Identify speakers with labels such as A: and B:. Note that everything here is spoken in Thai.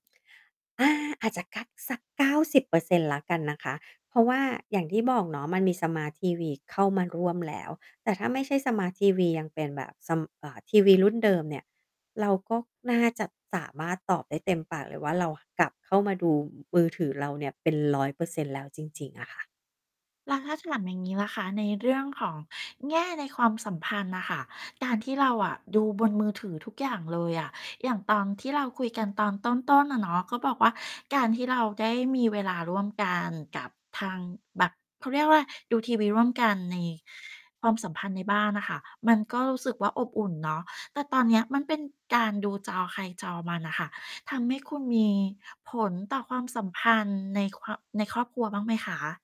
A: อา อาจจะกั๊กสัก 90% แล้วกันนะคะ เพราะว่าอย่างที่บอกเนาะ มันมีสมาร์ตทีวีเข้ามาร่วมแล้ว แต่ถ้าไม่ใช่สมาร์ตทีวียังเป็นแบบ ซัม เอ่อ ทีวีรุ่นเดิมเนี่ย เราก็น่าจะสามารถตอบได้เต็มปากเลยว่า เรากลับเข้ามาดูมือถือเราเนี่ยเป็น 100% แล้ว จริง ๆ อะค่ะ
B: แล้วถ้าถามอย่างนี้ล่ะคะ ในเรื่องของแง่ในความสัมพันธ์น่ะค่ะ การที่เราอะ ดูบนมือถือทุกอย่างเลยอะ อย่างตอนที่เราคุยกันตอนต้น ๆ อะเนาะ ก็บอกว่า การที่เราได้มีเวลาร่วมกันกับทางแบบ เขาเรียกว่าอะไร ดูทีวีร่วมกันใน ความสัมพันธ์ในบ้านน่ะค่ะ มันก็รู้สึกว่าอบอุ่นเนาะ แต่ตอนเนี้ย มันเป็นการดูจอใครจอมันน่ะค่ะ ทำให้คุณมีผลต่อความสัมพันธ์ในความ ในครอบครัวบ้างไหมคะ?